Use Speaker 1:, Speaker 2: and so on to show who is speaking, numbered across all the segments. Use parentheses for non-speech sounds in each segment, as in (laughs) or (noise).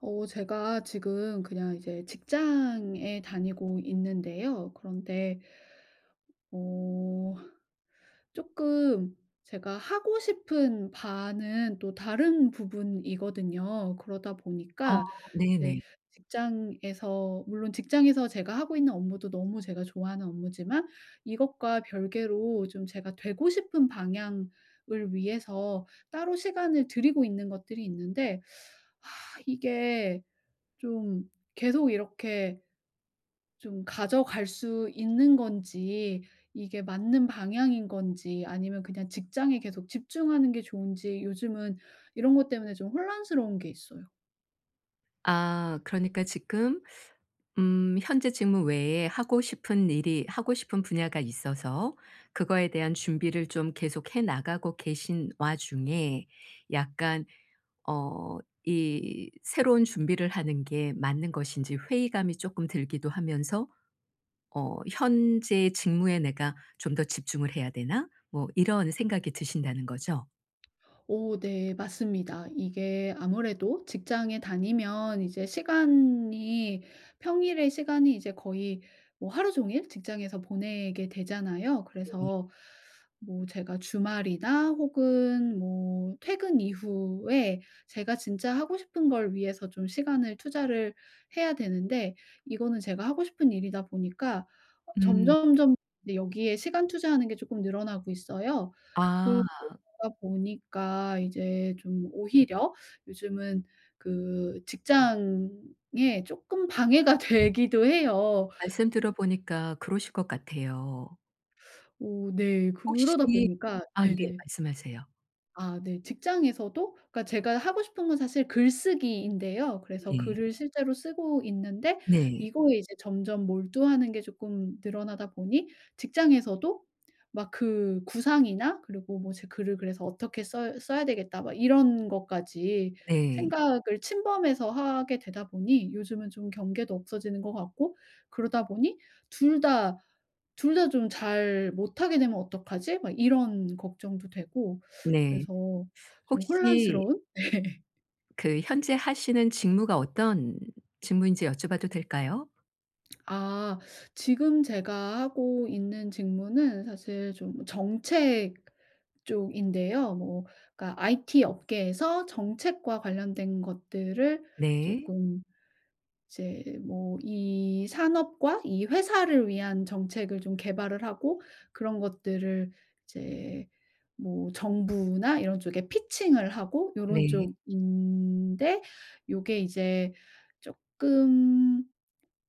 Speaker 1: 어 제가 지금 그냥 이제 직장에 다니고 있는데요 그런데 어 쪼끔 제가 하고 싶은 바는 또 다른 부분이거든요. 그러다
Speaker 2: 아
Speaker 1: 보니까 이제
Speaker 2: 네네.
Speaker 1: 직장에서 물론 직장에서 제가 하고 있는 업무도 너무 제가 좋아하는 업무지만 이것과 별개로 좀 제가 되고 싶은 방향을 위해서 따로 시간을 들이고 있는 것들이 있는데 (sucks teeth) (sighs) 이게 좀 계속 이렇게 좀 가져갈 수 있는 건지 이게 맞는 방향인 건지 아니면 그냥 직장에 계속 집중하는 게 좋은지 요즘은 이런 것 때문에 좀 혼란스러운 게 있어요.
Speaker 2: 아 그러니까 지금 음 현재 직무 외에 하고 싶은 일이 하고 싶은 분야가 있어서 그거에 대한 준비를 좀 계속해 나가고 계신 와중에 약간 어 이 새로운 준비를 하는 게 맞는 것인지 회의감이 쪼끔 들기도 하면서 어 '현재 직무에 내가 좀 더 집중을 해야 되나?' 뭐 이런 생각이 드신다는 거죠.
Speaker 1: 오 네 맞습니다. 이게 아무래도 직장에 다니면 이제 시간이 평일에 시간이 이제 거의 뭐 하루 종일 직장에서 보내게 되잖아요.
Speaker 2: 네.
Speaker 1: 그래서 뭐 제가 주말이나 혹은 뭐 퇴근 이후에 제가 진짜 하고 싶은 걸 위해서 좀 시간을 투자를 해야 되는데 이거는 제가 하고 싶은 일이다 보니까 어
Speaker 2: 음.
Speaker 1: 점점점 네, 여기에 시간 투자하는 게 쪼끔 늘어나고 있어요.
Speaker 2: 아.
Speaker 1: 그러다 보니까 이제 좀 오히려 요즘은 그 직장에 쪼끔 방해가 되기도 해요.
Speaker 2: 말씀 들어 보니까 그러실 것 같아요.
Speaker 1: (sucks teeth) 오 네. 그러다
Speaker 2: 혹시
Speaker 1: 보니까
Speaker 2: 아 예.
Speaker 1: 네네.
Speaker 2: 말씀하세요.
Speaker 1: 아 네. 직장에서도 그러니까 제가 하고 싶은 건 사실 글쓰기인데요 그래서
Speaker 2: 네.
Speaker 1: 글을 실제로 쓰고 있는데
Speaker 2: 네.
Speaker 1: 이거에 이제 점점 몰두하는 게 쪼끔 늘어나다 보니 직장에서도 막 그 구상이나 그리고 뭐 제 글을 그래서 어떻게 써 써야 되겠다 막 이런 것까지
Speaker 2: 네.
Speaker 1: 생각을 침범해서 하게 되다 보니 요즘은 좀 경계도 없어지는 것 같고 그러다 보니 2 다 2 다 좀 잘 못하게 되면 어떡하지?' 막 이런 걱정도 되고 (sucks teeth)
Speaker 2: 네.
Speaker 1: 그래서
Speaker 2: (sucks teeth)
Speaker 1: 좀
Speaker 2: 혹시
Speaker 1: 혼란스러운? 네.
Speaker 2: 그 현재 하시는 직무가 어떤 직무인지 여쭤봐도 될까요?
Speaker 1: 아 지금 제가 하고 있는 직무는 사실 좀 정책 쪽인데요. 뭐 그러니까 IT 업계에서 정책과 관련된 것들을
Speaker 2: 네.
Speaker 1: 쪼끔 이제 뭐 이 산업과 이 회사를 위한 정책을 좀 개발을 하고 그런 것들을 이제 뭐 정부나 이런 쪽에 피칭을 하고 요런
Speaker 2: 네.
Speaker 1: 쪽인데 요게 이제 쪼끔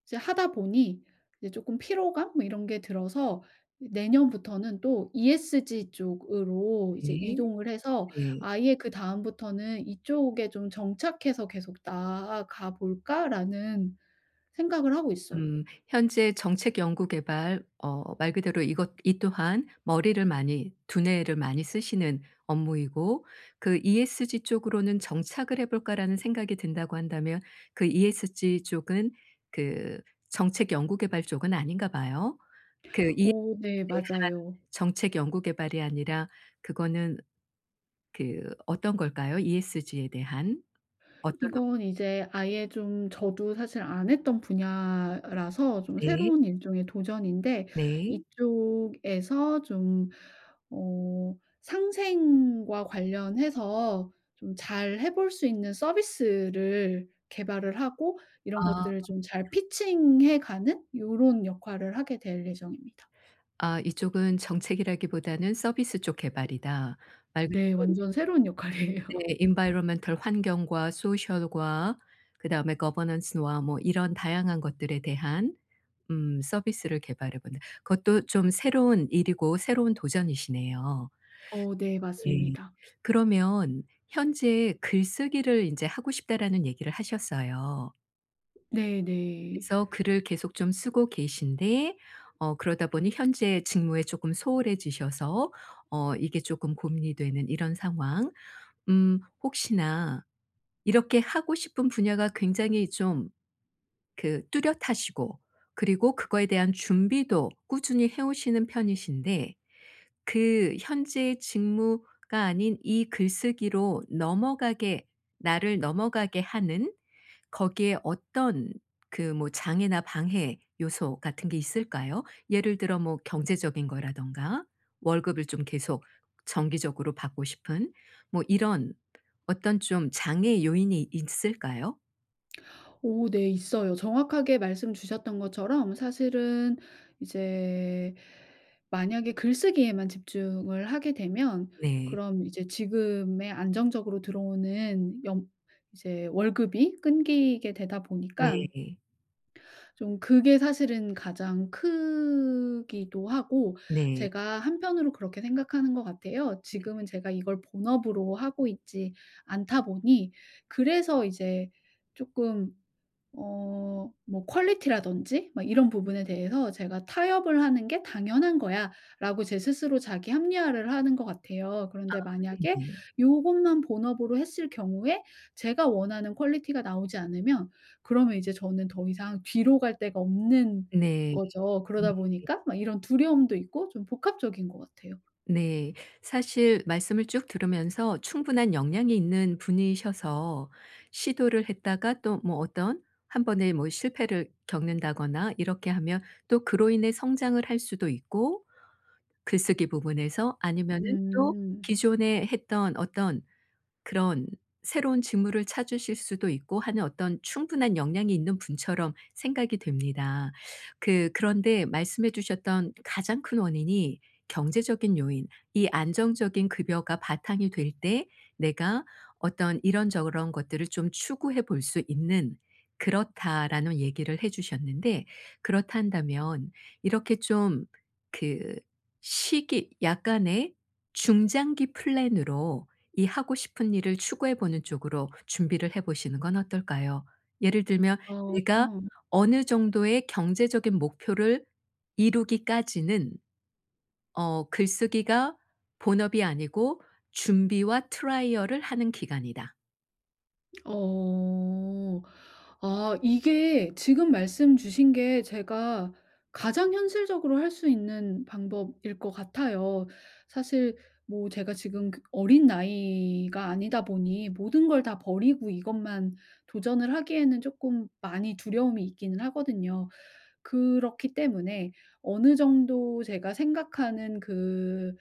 Speaker 1: 이제 하다 보니 이제 쪼끔 피로감 뭐 이런 게 들어서 이제 내년부터는 또 ESG 쪽으로 이제
Speaker 2: 네.
Speaker 1: 이동을 해서
Speaker 2: 네.
Speaker 1: 아예 그다음부터는 '이쪽에 좀 정착해서 계속 나아가 볼까?'라는 생각을 하고 있어요.
Speaker 2: 음 현재 정책 연구 개발 어 말 그대로 이것 이 또한 머리를 많이, 두뇌를 많이 쓰시는 업무이고 그 ESG 쪽으로는 '정착을 해 볼까.'라는 생각이 든다고 한다면 그 ESG 쪽은 그 정책 연구 개발 쪽은 아닌가 봐요. 그 ESG에
Speaker 1: 오 네
Speaker 2: 대한
Speaker 1: 맞아요.
Speaker 2: 정책 연구 개발이 아니라 그거는 그 어떤 걸까요? ESG에 대한 어떤 업무
Speaker 1: 이건 이제 아예 좀 저도 사실 안 했던 분야라서 좀
Speaker 2: 네.
Speaker 1: 새로운 일종의 도전인데
Speaker 2: 네.
Speaker 1: 이쪽에서 좀 어 상생과 관련해서 좀 잘 해 볼 수 있는 서비스를 개발을 하고 이런
Speaker 2: 아.
Speaker 1: 것들을 좀 잘 피칭 해 가는 요런 역할을 하게 될 예정입니다.
Speaker 2: 아 이쪽은 정책이라기보다는 서비스 쪽 개발이다. 말 그대로
Speaker 1: 네.
Speaker 2: 우리
Speaker 1: 완전 새로운 역할이에요.
Speaker 2: 네. Environmental 환경과 Social과 그다음에 Governance와 뭐 이런 다양한 것들에 대한 음 서비스를 개발해 보는 그것도 좀 새로운 일이고 새로운 도전이시네요.
Speaker 1: 어 네
Speaker 2: 네.
Speaker 1: 맞습니다.
Speaker 2: 그러면 현재 "글쓰기를 인제 하고 싶다."라는 얘기를 하셨어요.
Speaker 1: 네네.
Speaker 2: 그래서 글을 계속 좀 쓰고 계신데 어 그러다 보니 현재 직무에 쪼끔 소홀해지셔서 어 이게 쪼끔 고민이 되는 이런 상황. 음 혹시나 이렇게 하고 싶은 분야가 굉장히 좀 그 뚜렷하시고 그리고 그거에 대한 준비도 꾸준히 해 오시는 편이신데 그 현재의 직무가 아닌 이 글쓰기로 넘어가게 나를 넘어가게 하는 거기에 어떤 그 뭐 장애나 방해 요소 같은 게 있을까요? 예를 들어 뭐 경제적인 거라든가 월급을 좀 계속 정기적으로 받고 싶은 뭐 이런 어떤 좀 장애요인이 있을까요?
Speaker 1: 오 네 있어요. 정확하게 말씀 주셨던 것처럼 사실은 이제 만약에 글쓰기에만 집중을 하게 되면
Speaker 2: 네.
Speaker 1: 그럼 이제 지금의 안정적으로 들어오는 연 이제 월급이 끊기게 되다 보니까
Speaker 2: 네.
Speaker 1: 좀 그게 사실은 가장 크기도 하고
Speaker 2: 네.
Speaker 1: 제가 한편으로 그렇게 생각하는 것 같아요.
Speaker 2: 네네.
Speaker 1: 지금은 제가 이걸 본업으로 하고 있지 않다 보니 그래서 이제 쪼끔 어 뭐 퀄리티라든지 뭐 이런 부분에 대해서 제가 '타협을 하는 게 당연한 거야.'라고 제 스스로 자기 합리화를 하는 것 같아요.
Speaker 2: 아
Speaker 1: 그런데 만약에
Speaker 2: 네네.
Speaker 1: 요것만 본업으로 했을 경우에 제가 원하는 퀄리티가 나오지 않으면 그러면 이제 저는 더 이상 뒤로 갈 데가 없는
Speaker 2: 네.
Speaker 1: 거죠.
Speaker 2: 네.
Speaker 1: 그러다 보니까 막 이런 두려움도 있고 좀 복합적인 것 같아요.
Speaker 2: 네. 사실 말씀을 쭉 들으면서 충분한 역량이 있는 분이셔서 시도를 했다가 또 뭐 어떤 1 번의 뭐 실패를 겪는다거나 이렇게 하면 또 그로 인해 성장을 할 수도 있고 글쓰기 부분에서 아니면은 또
Speaker 1: 음.
Speaker 2: 기존에 했던 어떤 그런 새로운 직무를 찾으실 수도 있고 하는 어떤 충분한 역량이 있는 분처럼 생각이 됩니다. 그 그런데 말씀해 주셨던 가장 큰 원인이 경제적인 요인 이 안정적인 급여가 바탕이 될 때 내가 어떤 이런저런 것들을 좀 추구해 볼 수 있는 '그렇다.'라는 얘기를 해 주셨는데 그렇다 한다면 이렇게 좀 그 시기 약간의 중장기 플랜으로 이 하고 싶은 일을 추구해 보는 쪽으로 준비를 해 보시는 건 어떨까요? 예를 들면 '내가
Speaker 1: 어.
Speaker 2: 어느 정도의 경제적인 목표를 이루기까지는 어 글쓰기가 본업이 아니고 준비와 트라이얼을 하는 기간이다.'
Speaker 1: 어. 아 이게 지금 말씀 주신 게 제가 가장 현실적으로 할 수 있는 방법일 것 같아요. 사실 뭐 제가 지금 그 어린 나이가 아니다 보니 모든 걸 다 버리고 이것만 도전을 하기에는 쪼끔 많이 두려움이 있기는 하거든요. 그렇기 때문에 어느 정도 제가 생각하는 그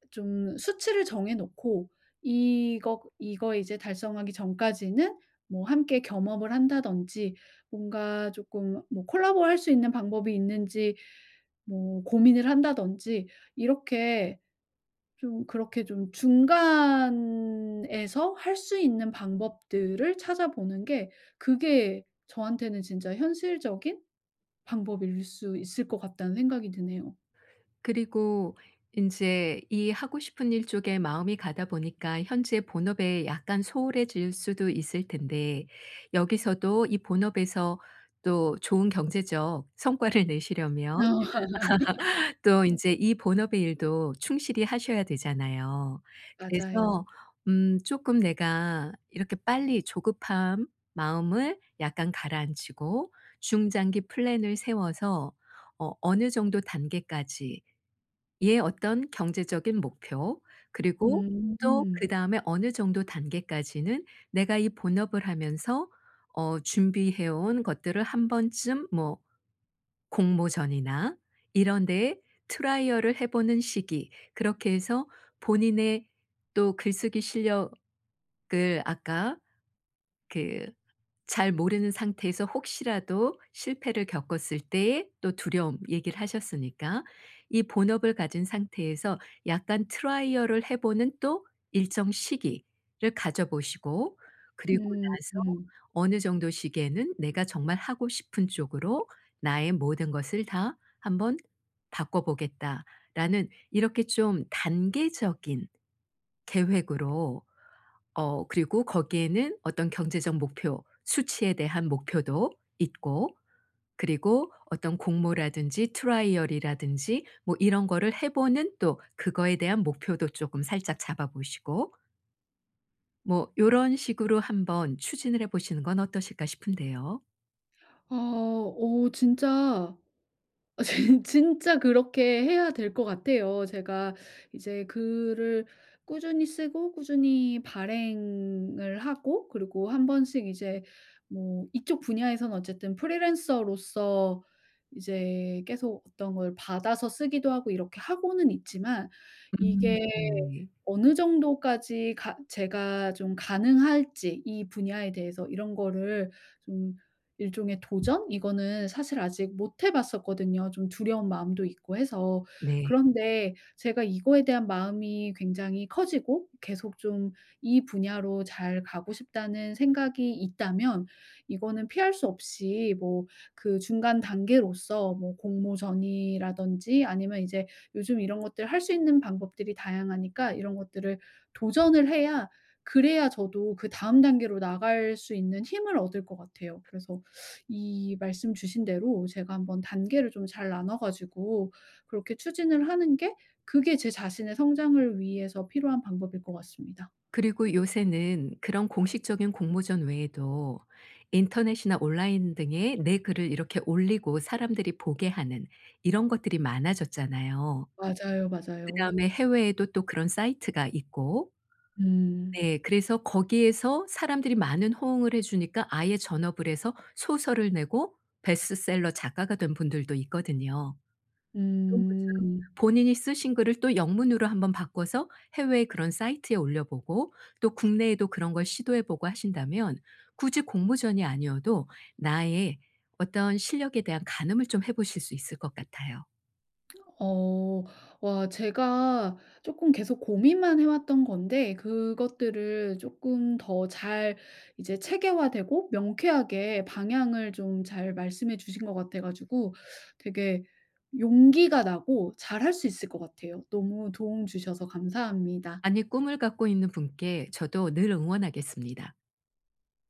Speaker 1: (sucks teeth) 좀 수치를 정해 놓고 이것 이거 이제 달성하기 전까지는 뭐 함께 겸업을 한다든지 뭔가 조금 뭐 콜라보를 할 수 있는 방법이 있는지 뭐 고민을 한다든지 이렇게 좀 그렇게 좀 '중간에서 할 수 있는 방법들을 찾아보는 게 그게 저한테는 진짜 현실적인 방법일 수 있을 것 같다.'는 생각이 드네요.
Speaker 2: 그리고 인제 이 하고 싶은 일 쪽에 마음이 가다 보니까 현재의 본업에 약간 소홀해질 수도 있을 텐데 여기서도 이 본업에서 또 좋은 경제적 성과를 내시려면
Speaker 1: 어.
Speaker 2: (laughs) 또
Speaker 1: (laughs)
Speaker 2: 인제 이 본업의 일도 충실히 하셔야 되잖아요. 그래서
Speaker 1: 맞아요.
Speaker 2: 음 쪼끔 내가 이렇게 빨리 조급한 마음을 약간 가라앉히고 중장기 플랜을 세워서 어 어느 정도 단계까지의 어떤 경제적인 목표 그리고 또
Speaker 1: 음.
Speaker 2: 그다음에 어느 정도 단계까지는 내가 이 본업을 하면서 어 준비해 온 것들을 한번쯤 뭐 공모전이나 이런 데에 트라이얼을 해 보는 시기 그렇게 해서 본인의 또 글쓰기 실력을 아까 그 잘 모르는 상태에서 혹시라도 실패를 겪었을 때의 또 두려움 얘기를 하셨으니까 이 본업을 가진 상태에서 약간 트라이얼을 해 보는 또 일정 시기를 가져 보시고 그리고 나서
Speaker 1: 음음.
Speaker 2: 어느 정도 시기에는 '내가 정말 하고 싶은 쪽으로 나의 모든 것을 다 한번 바꿔 보겠다.'라는 이렇게 좀 단계적인 계획으로 어 그리고 거기에는 어떤 경제적 목표 수치에 대한 목표도 있고 그리고 어떤 공모라든지 트라이얼 이라든지 뭐 이런 거를 해 보는 또 그거에 대한 목표도 쪼금 살짝 잡아 보시고 뭐 요런 식으로 한번 추진을 해보시는 건 어떠실까 싶은데요?
Speaker 1: 아 어 진짜 어 진 진짜 그렇게 해야 될 것 같아요. 제가 이제 글을 꾸준히 쓰고 꾸준히 발행을 하고 그리고 한번씩 이제 뭐 이쪽 분야에서는 어쨌든 프리랜서로서 이제 계속 어떤 걸 받아서 쓰기도 하고 이렇게 하고는 있지만
Speaker 2: 음
Speaker 1: 이게
Speaker 2: 네.
Speaker 1: 어느 정도까지 가 제가 좀 가능할지 이 분야에 대해서 이런 거를 좀 일종의 도전 이거는 사실 아직 못 해 봤었거든요 좀 두려운 마음도 있고 해서.
Speaker 2: 네.
Speaker 1: 그런데 제가 이거에 대한 마음이 굉장히 커지고 계속 좀 이 분야로 잘 가고 싶다는 생각이 있다면 이거는 피할 수 없이 뭐 그 중간 단계로서 뭐 공모전이라든지 아니면 이제 요즘 이런 것들을 할 수 있는 방법들이 다양하니까 이런 것들을 도전을 해야 그래야 저도 그다음 단계로 나갈 수 있는 힘을 얻을 것 같아요. 그래서 이 말씀 주신 대로 제가 한번 단계를 좀 잘 나눠 가지고 그렇게 추진을 하는 게 그게 제 자신의 성장을 위해서 필요한 방법일 것 같습니다.
Speaker 2: 그리고 요새는 그런 공식적인 공모전 외에도 인터넷이나 온라인 등에 내 글을 이렇게 올리고 사람들이 보게 하는 이런 것들이 많아졌잖아요.
Speaker 1: 맞아요, 맞아요.
Speaker 2: 그다음에 해외에도 또 그런 사이트가 있고
Speaker 1: 음.
Speaker 2: 네 그래서 거기에서 사람들이 많은 호응을 해 주니까 아예 전업을 해서 소설을 내고 베스트셀러 작가가 된 분들도 있거든요. 이런 것처럼
Speaker 1: 음.
Speaker 2: 본인이 쓰신 글을 또 영문으로 한번 바꿔서 해외에 그런 사이트에 올려보고 또 국내에도 그런 걸 시도해 보고 하신다면 굳이 공모전이 아니어도 나의 어떤 실력에 대한 가늠을 좀 해 보실 수 있을 것 같아요.
Speaker 1: 어. 와 제가 쪼끔 계속 고민만 해 왔던 건데 그것들을 쪼끔 더 잘 이제 체계화되고 명쾌하게 방향을 좀 잘 말씀해 주신 것 같아 가지고 되게 용기가 나고 잘 할 수 있을 것 같아요. 너무 도움 주셔서 감사합니다.
Speaker 2: 아니 꿈을 갖고 있는 분께 저도 늘 응원하겠습니다.